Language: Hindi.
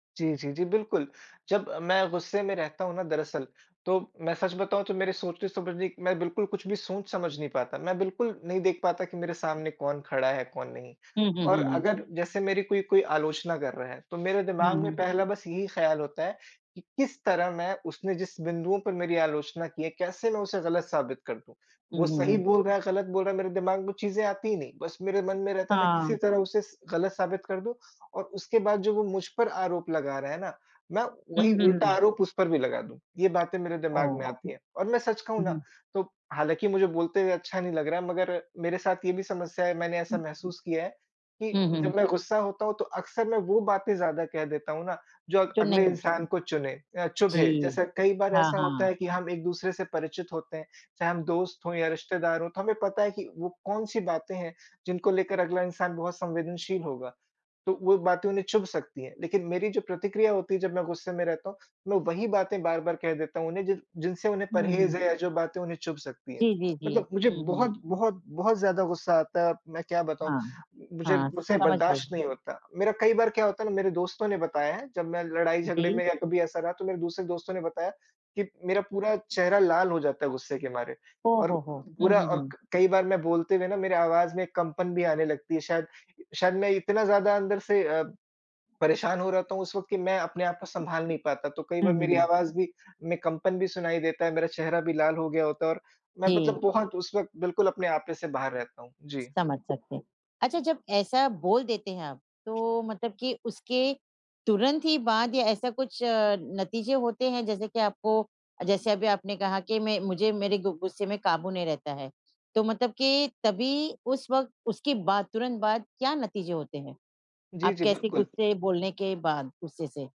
जी, जी, जी, बिल्कुल। जब मैं गुस्से में रहता हूँ ना दरअसल, तो मैं सच बताऊँ तो मेरे सोचने-समझने मैं बिल्कुल कुछ भी सोच-समझ नहीं पाता। मैं बिल्कुल नहीं देख पाता कि मेरे सामने कौन खड़ा है? कौन नहीं? हुँ, हुँ, और हुँ, हुँ। अगर जैसे मेरी कोई कोई आलोचना कर रहा है, तो मेरे हुँ, दिमाग़ में हुँ। पहला बस यही ख्याल होता है कि किस तरह मैं उसने जिस बिंदुओं पर मेरी आलोचना की है, कैसे मैं उसे गलत साबित कर दूँ। हुँ, वो हुँ, सही हुँ। बोल रहा है, गलत बोल रहा है, मेरे दिमाग़ में चीज़ें आती ही नहीं, बस मेरे मन में रहता है मैं किसी हाँ। तरह उसे स गलत साबित कर दूँ और उसके बाद जो वो मुझ पर आरोप लगा रहे है ना, मैं हुँ, वहीं हुँ, उल्टा हुँ। आरोप उस पर भी लगा दूँ। ये बातें मेरे दिमाग़ ओह! में आती हैं और मैं सच कहूँ हुँ, ना, हुँ। तो हालाँकि मुझे बोलते हुए अच्छा नहीं लग रहा है मगर मेरे साथ ये भी समस्या है, मैंने ऐसा महसूस किया है हुँ, कि हुँ। जब मैं गुस्सा होता हूँ, तो अक्सर मैं वो बातें ज़्यादा कह देता हूँ ना, जो अग जो अगले नहीं इंसान को चुने अ, चुभे। जी, जैसे कई बार हाँ, ऐसा होता हाँ। है कि हम एक-दूसरे से परिचित होते हैं, चाहे हम दोस्त हो या रिश्तेदार हों, तो हमें पता है कि वो कौन-सी बातें हैं, जिनको लेकर अगला इंसान बहुत संवेदनशील होगा? तो वो बातें उन्हें चुभ सकती हैं, लेकिन मेरी जो प्रतिक्रिया होती है जब मैं गुस्से में रहता हूँ, मैं वही बातें बार-बार कह देता हूँ, उन्हें जिन जिनसे उन्हें हुँ, परहेज हुँ। है, जो बातें उन्हें चुभ सकती है। जी, जी, जी। मतलब मुझे हुँ, हुँ। बहुत बहुत बहुत ज़्यादा गुस्सा आता है, मैं क्या बताऊँ, हाँ, मुझे हाँ मुझसे समझ गई। बर्दाश्त नहीं होता। मेरा कई बार क्या होता है ना मेरे दोस्तों ने बताया है जब मैं लड़ाई-झगड़े जी। में या कभी ऐसा रहा तो मेरे दूसरे दोस्तों ने बताया कि मेरा पूरा चेहरा लाल हो जाता है गुस्से के मारे ओह और हो हो! हुँ, पूरा हुँ, और हुँ। क कई बार मैं बोलते हुए ना मेरी आवाज़ में कंपन भी आने लगती है शायद, शायद मैं इतना ज़्यादा अंदर से अ, परेशान हो रहता हूँ उस वक़्त कि मैं अपने आप को सँभाल नहीं पाता, तो कई हुँ, बार मेरी हुँ। आवाज़ भी मैं कंपन भी सुनाई देता है। मेरा चेहरा भी लाल हो गया होता है और मैं मतलब जी। बहुत उस वक़्त बिल्कुल अपने आपे से बाहर रहता हूँ, जी। समझ सकते हैं। अच्छा जब ऐसा बोल देते हैं आप, तो मतलब कि उसके तुरंत ही बाद या ऐसा कुछ नतीजे होते हैं जैसे कि आपको जैसे अभी आपने कहा कि मैं मुझे मेरे गु गुस्से में काबू नहीं रहता है। तो मतलब कि तभी उस वक़्त, उसके बाद तुरंत बाद क्या नतीजे होते हैं? जी, आप जी कैसे बिल्कुल। गुस्से बोलने के बाद गुस्से से?